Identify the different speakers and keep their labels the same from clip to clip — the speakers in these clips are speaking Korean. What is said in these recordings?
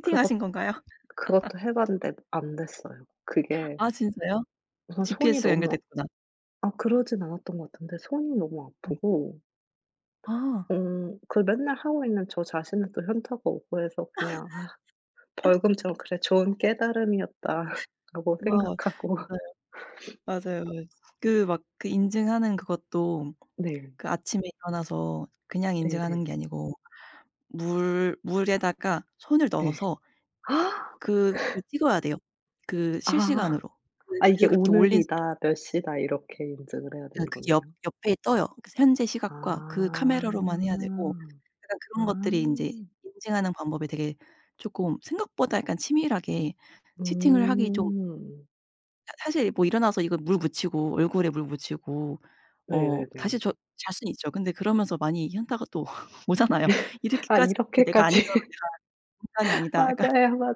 Speaker 1: 그것
Speaker 2: 채팅하신 건가요?
Speaker 1: 그것도 해봤는데 안 됐어요. 그게
Speaker 2: 아 진짜요?
Speaker 1: 우선 손이
Speaker 2: GPS가
Speaker 1: 너무
Speaker 2: 연결됐구나.
Speaker 1: 아 그러진 않았던 것 같은데 손이 너무
Speaker 2: 예.
Speaker 1: 아프고
Speaker 2: 아.
Speaker 1: 음. 그 맨날 하고 있는 저 자신은 또 현타가 오고 해서 그냥 아 "벌금처럼 그래, 좋은 깨달음이었다." 라고
Speaker 2: 뭐 네.
Speaker 1: 생각하고.
Speaker 2: 맞아요, 맞아요. 그 막 그 인증하는 그것도
Speaker 1: 네.
Speaker 2: 그 아침에 일어나서 그냥 인증하는
Speaker 1: 네네.
Speaker 2: 게 아니고 물 물에다가 손을
Speaker 1: 네.
Speaker 2: 넣어서
Speaker 1: 아.
Speaker 2: 그거 찍어야 돼요. 그
Speaker 1: 아.
Speaker 2: 실시간으로 그
Speaker 1: 아 이게
Speaker 2: 그렇게 올린 사람.
Speaker 1: 오늘이다 몇 시다 이렇게 인증을 해야 되는
Speaker 2: 그
Speaker 1: 거네요.
Speaker 2: 옆 옆에 떠요. 현재
Speaker 1: 아.
Speaker 2: 시각과 그 카메라로만 해야 되고, 약간
Speaker 1: 아.
Speaker 2: 그런 것들이 인제 인증하는 방법이 되게 쪼금 생각보다 약간 치밀하게 채팅을 하기 좀
Speaker 1: 음.
Speaker 2: 사 사실 뭐 일어나서 이거 물 묻이고 얼굴에 물 묻히고 어 다시
Speaker 1: 네네네.
Speaker 2: 저 잘 순 있죠. 근데 그러면서 많이 현타가 또 오잖아요.
Speaker 1: 아
Speaker 2: 이렇게까지 했는데 내가 안 일어나면
Speaker 1: 이렇게까지
Speaker 2: 내가 인간이 아니다 약간
Speaker 1: 맞아요, 맞아요.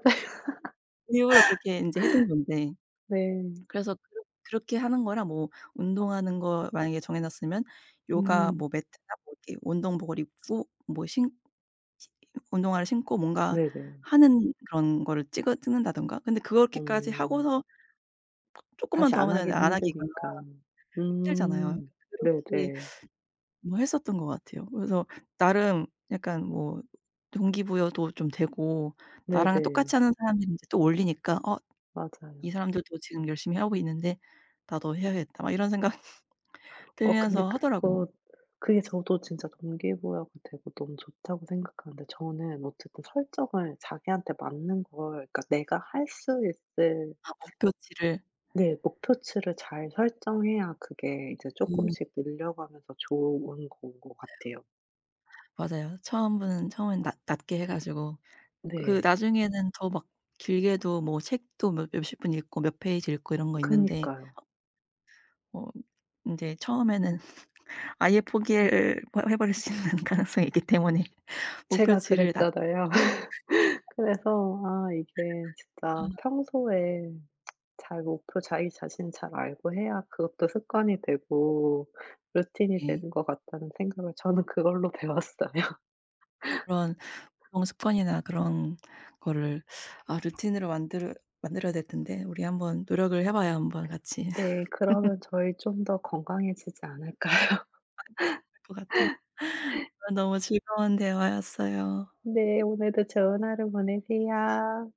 Speaker 2: 일부러 그렇게 인제 해둔 건데.
Speaker 1: 네.
Speaker 2: 그래서 그렇 그렇게 하는 거랑 뭐 운동하는 거 만약에 정해놨으면 요가 뭐
Speaker 1: 음.
Speaker 2: 매트나 뭐 이렇게 운동복을 입고 뭐 신 운동화를 신고 뭔가
Speaker 1: 네네.
Speaker 2: 하는 그런 거를 찍어 찍는다든가 근데 그렇게까지
Speaker 1: 어.
Speaker 2: 하고서 쪼끔만
Speaker 1: 다시
Speaker 2: 더
Speaker 1: 안
Speaker 2: 하면 되는데
Speaker 1: 하긴
Speaker 2: 안 하기가
Speaker 1: 힘드니까.
Speaker 2: 힘들잖아요.
Speaker 1: 음.
Speaker 2: 그렇게
Speaker 1: 네네.
Speaker 2: 뭐 했었던 것 같아요. 그래서 나름 약간 뭐 동기부여도 좀 되고 나랑
Speaker 1: 네네.
Speaker 2: 똑같이 하는 사람들 이제 또 올리니까 어
Speaker 1: 맞아요.
Speaker 2: 이 사람들도 지금 열심히 하고 있는데 나도 해 해야겠다 막 이런 생각
Speaker 1: 어 근데
Speaker 2: 들면서 하더라고요.
Speaker 1: 그거 그게 저도 진짜 동기부여가 되고 너무 좋다고 생각하는데 저는 어쨌든 설정을 자기한테 맞는 걸 그러니까 내가 할 수 있을
Speaker 2: 아 목표치를.
Speaker 1: 네. 목표치를 잘 설정해야 그게 이제
Speaker 2: 음.
Speaker 1: 쪼끔씩 늘려가면서 좋은 건 것 같아요.
Speaker 2: 맞아요. 처음은 처음엔 낮 낮게 해 가지고 그
Speaker 1: 네.
Speaker 2: 나중에는 더 막 길게도 뭐 책도 몇 몇십 분 읽고 몇 페이지 읽고 이런 거 있는데
Speaker 1: 그니까요.
Speaker 2: 어 인제 처음에는 아예 포기를 해버릴 수 있는 가능성이 있기 때문에
Speaker 1: 제가
Speaker 2: 목표치를 낮
Speaker 1: 그랬잖아요. 그래서 아 이게
Speaker 2: 아.
Speaker 1: 진짜 평소에 잘 목표 자기 자신 잘 알고 해야 그것도 습관이 되고 루틴이
Speaker 2: 네.
Speaker 1: 되는 것 같다는 생각을 저는 그걸로 배웠어요.
Speaker 2: 그런, 그런 습관이나 그런 거를 아 루틴으로 만들 만들어야 될 텐데 우리 한번 노력을 해봐요 한번 같이.
Speaker 1: 네. 그러면 저희 좀 더 건강해지지 않을까요?
Speaker 2: 맞는 것 같아 너무 즐거운 대화였어요.
Speaker 1: 네. 오늘도 좋은 하루 보내세요.